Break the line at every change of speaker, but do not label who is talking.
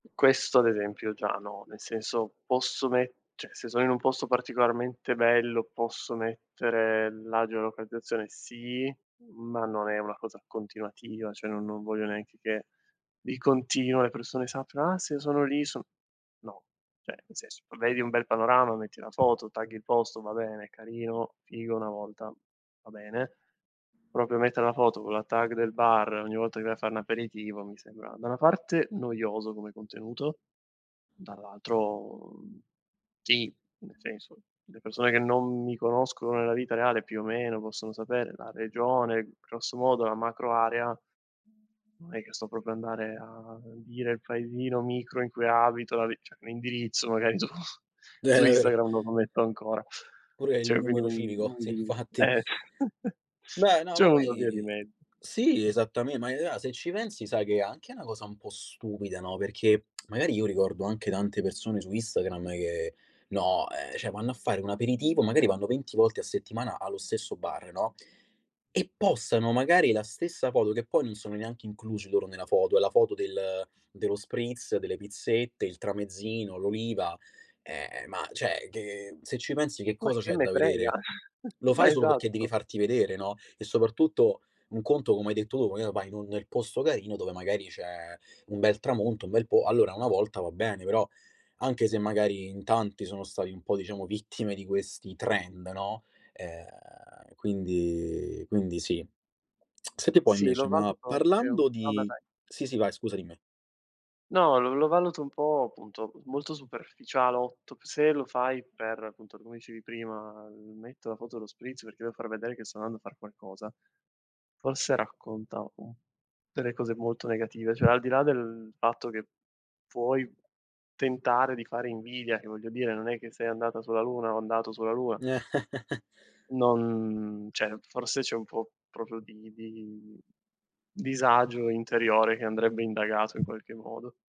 Questo ad esempio già no, nel senso posso mette, se sono in un posto particolarmente bello, posso mettere la geolocalizzazione? Sì, ma non è una cosa continuativa, cioè no non voglio neanche che di continuo le persone sappiano: "Ah, se io sono lì so" no, cioè, nel senso, vabbè vi un bel panorama, metti la foto, tagghi il posto, va bene, è carino, figo 1 volta, va bene. Proprio mettere la foto con la tag del bar ogni volta che vai a far n'aperitivo mi sembra da una parte noioso come contenuto, dall'altro, mhmm, sì, nel senso, le persone che non mi conoscono nella vita reale più o meno possono sapere la regione, grosso modo la macroarea, non è che sto proprio andare a dire il paesino micro in cui abito, la vi cioè l'indirizzo magari su
Eh,
su
davvero.
Instagram non lo metto ancora.
Pure il
Cioè quello
numero
è
civico, sì,
inutile.
infatti.
Eh,
Beh no,
c'è
ma
una via di
poi
mez
sì, esattame ma è rea se ci pensi sai che è anche na cosa un po' stupida, no, perché magari io ricordo anche tante persone su Instagram che no, ehm, cioè vanno a fare un aperitivo, magari vanno 20 volte a settimana allo stesso bar, no, e postano magari la stessa foto, che poi non sono neanche inclusi loro nella foto, è la foto del dello spritz, delle pizzette, il tramezzino, l'oliva, ehm, ma cioè, che se ci pensi che
Ma
cosa
che
c'è
me
da
frega?
vedere? Lo
Ma
fai solo perché devi
esatto.
farti vedere, no? E soprattutto un conto, come hai detto tu, magari va in un nel posto carino dove magari c'è un bel tramonto, un bel po allora 1 volta va bene, però anche se magari in tanti sono stati un po' diciamo vittime di questi trend, no, ehm, quindi quindi sì. Senti un po'
Sì lo
invece, ma
valuto anche un
parlando
vabbè
di
vai.
sì, sì, vai scusa, dimme.
No, lo valuto un po', appunto, molto superficialotto, se lo fai per, appunto, come dicevi prima: "Metto la foto dello spritz perché devo far vedere che sto andando a far qualcosa", forse racconta un delle cose molto negative, cioè al di là del fatto che puoi tentare di fare invidia, che voglio dire, non è che sei andata sulla luna o andato sulla luna. Non cioè, forse c'è un po' proprio di vi di disagio interiore che andrebbe indagato in qualche modo.